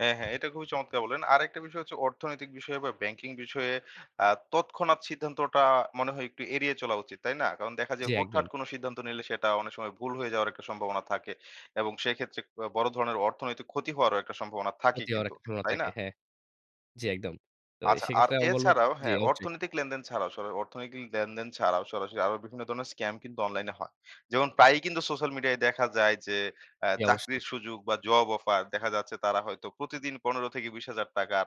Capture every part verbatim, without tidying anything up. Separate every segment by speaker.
Speaker 1: হ্যাঁ, হ্যাঁ, এটা খুবই চমৎকার বলেন। আরেকটা বিষয় হচ্ছে অর্থনৈতিক বিষয়ে বা ব্যাংকিং বিষয়ে আ তৎক্ষণাৎ সিদ্ধান্তটা মনে হয় একটু এড়িয়ে চলা উচিত। তাই না? কারণ দেখা যায়
Speaker 2: জ্বি, একদম।
Speaker 1: হুটহাট কোন সিদ্ধান্ত নিলে সেটা অনেক সময় ভুল হয়ে যাওয়ার একটা সম্ভাবনা থাকে এবং সেক্ষেত্রে ক বড় ধরনের অর্থনৈতিক ক্ষতি হওয়ারও একটা সম্ভাবনা থাকে
Speaker 2: ক্ষতি হওয়ার
Speaker 1: কিন্তু।
Speaker 2: একটা সম্ভবনা
Speaker 1: তাই না?
Speaker 2: থাকে, হ্যাঁ। জ্বি, একদম। তো অ্যা
Speaker 1: আচ্ছা আর
Speaker 2: সেক্ষেত্রে আমি বলব
Speaker 1: এছাড়াও
Speaker 2: জি,
Speaker 1: হ্যাঁ,
Speaker 2: অবশ্যই।
Speaker 1: অর্থনৈতিক লেনদেন ছাড়াও স অর্থনৈতিক লেনদেন ছাড়াও সরাসরি আরো বিভিন্ন ধরনের স্কাম কিন্তু অনলাইনে হয়। যেমন প্রায়ই কিন্তু সোশ্যাল মিডিয়ায় দেখা যায় যে, অ্যা
Speaker 2: জি, অবশ্যই।
Speaker 1: চাকরির সুযোগ বা জব অফার দেখা যাচ্ছে তারা হয়তো প্রতিদিন পনেরো হাজার থেকে বিশ হাজার টাকার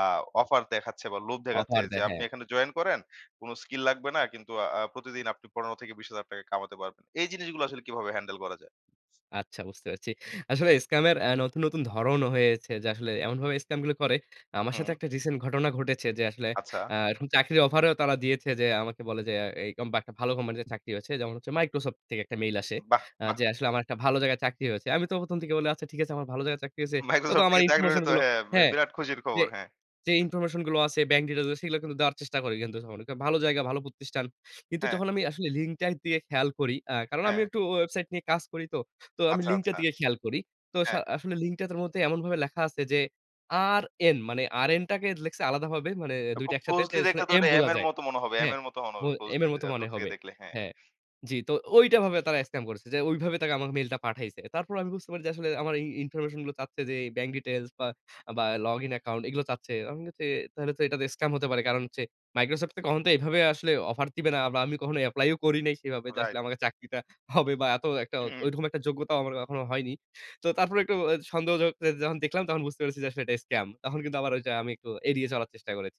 Speaker 1: আ অফার দেখাচ্ছে বা লোভ দেখাচ্ছে
Speaker 2: অফার
Speaker 1: যে,
Speaker 2: দেয়,
Speaker 1: আপনি
Speaker 2: হ্যাঁ।
Speaker 1: এখানে জয়েন করেন কোন স্কিল লাগবে না কিন্তু আ আ প্রতিদিন আপনি পনেরো হাজার থেকে বিশ হাজার টাকা কামাতে পারবেন। এই জিনিসগুলা আসলে কিভাবে হ্যান্ডেল করা যায়?
Speaker 2: আচ্ছা বুঝতে পারছি। আসলে scam এর অ্যা নতুন, নতুন ধরণও হয়েছে। যে, আসলে এমন ভাবে scam গুলো করে আমার সাথে
Speaker 1: হুম।
Speaker 2: একটা recent ঘটনা ঘটেছে। যে, আসলে
Speaker 1: আচ্ছা।
Speaker 2: অ্যা এরকম চাকরির অফারেও তারা দিয়েছে যে, আমাকে বলে যে, অ্যা এইকম বা একটা ভালো কোম্পানিতে চাকরি হয়েছে। যেমন হচ্ছে মাইক্রোসফট থেকে একটা মেইল আসে।
Speaker 1: বাহ!
Speaker 2: আ
Speaker 1: বাহ!
Speaker 2: যে, আসলে আমার একটা ভালো জায়গায় চাকরি হয়েছে। আমি তো প্রথম, থেকে বললাম আচ্ছা ঠিক আছে আমার ভালো জায়গায় চাকরি হয়েছে। তো, তো
Speaker 1: মাইক্রোসফট
Speaker 2: আমার
Speaker 1: থেকে চাকরি
Speaker 2: ইনফরমেশন
Speaker 1: হলে তো
Speaker 2: গুলো
Speaker 1: হ্যাঁ, ব্যা
Speaker 2: হ্যাঁ।
Speaker 1: বিরাট খুশির
Speaker 2: যে,
Speaker 1: খবর, হ্যাঁ।
Speaker 2: যে, ইনফরমেশন গুলো আছে ব্যাংক ডিটেলস গুলো সেগুলো কিন্তু দেওয়ার চেষ্টা করি কিন্তু স ভালো জায়গা ভালো প্রতিষ্ঠান। কিন্তু
Speaker 1: হ্যাঁ।
Speaker 2: যখন আমি আসলে লিঙ্কটা দিয়ে খেয়াল করি আ কারণ আমি
Speaker 1: হ্যাঁ।
Speaker 2: একটু ওয়েবসাইট নিয়ে কাজ করি তো। তো আমি
Speaker 1: আচ্ছা,
Speaker 2: লিঙ্কটা
Speaker 1: আচ্ছা।
Speaker 2: দিকে খেয়াল করি। তো সা
Speaker 1: হ্যাঁ।
Speaker 2: আসলে লিঙ্কটার তো মধ্যে এমনভাবে লেখা আছে যে, আরএন মানে আরএন টাকে লিখছে আলাদাভাবে মানে দুই টা
Speaker 1: খুব
Speaker 2: একসাথে যে,
Speaker 1: ক্লোজলি
Speaker 2: আসলে
Speaker 1: দেখলে তো
Speaker 2: এম
Speaker 1: এটা এম
Speaker 2: বোঝা
Speaker 1: এর
Speaker 2: যায়।
Speaker 1: মতো মনে হবে। এম
Speaker 2: হ্যাঁ,
Speaker 1: এর মতো মনে
Speaker 2: বো এম
Speaker 1: ক্লোজলি
Speaker 2: এর
Speaker 1: দে
Speaker 2: মতো মনে
Speaker 1: দূর থেকে
Speaker 2: হবে,
Speaker 1: দেখলে। হ্যাঁ।
Speaker 2: হ্যাঁ, জি, তো ওইটা ভাবে তারা স্ক্যাম করেছে। যে, ওই ভাবে তাকা আমাকে মেইলটা পাঠাইছে। তারপরও আমি বুঝতে পারি যে, আসলে আমার এই ইনফরমেশন গুলো চাচ্ছে যে, ব্যাংক ডিটেইলস বা, বা লগ ইন অ্যাকাউন্ট এগুলো চাচ্ছে। আমি বলছি তাহলে তো এটাতে স্ক্যাম হতে পারে। কারণ হচ্ছে মাইক্রোসফট তো কখন তো এভাবে আসলে অফার দিবে না। আমি কখনো এপ্লাই ও করি নাই সেভাবে যে, আসলে
Speaker 1: রাইট।
Speaker 2: আমাকে চাকরিটা হবে বা এত একটা
Speaker 1: হু, হুম।
Speaker 2: ঐরকম একটা যোগ্যতাও আমার কখনো হয়নি। তো তারপরে একটু অ্যা সন্দেহযোগ যে, যখন দেখলাম তখন বুঝতে পেরেছি যে, আসলে এটা স্কাম তখন কিন্তু আবার ঐটা আমি একটু এড়িয়ে চলার চেষ্টা করেচি।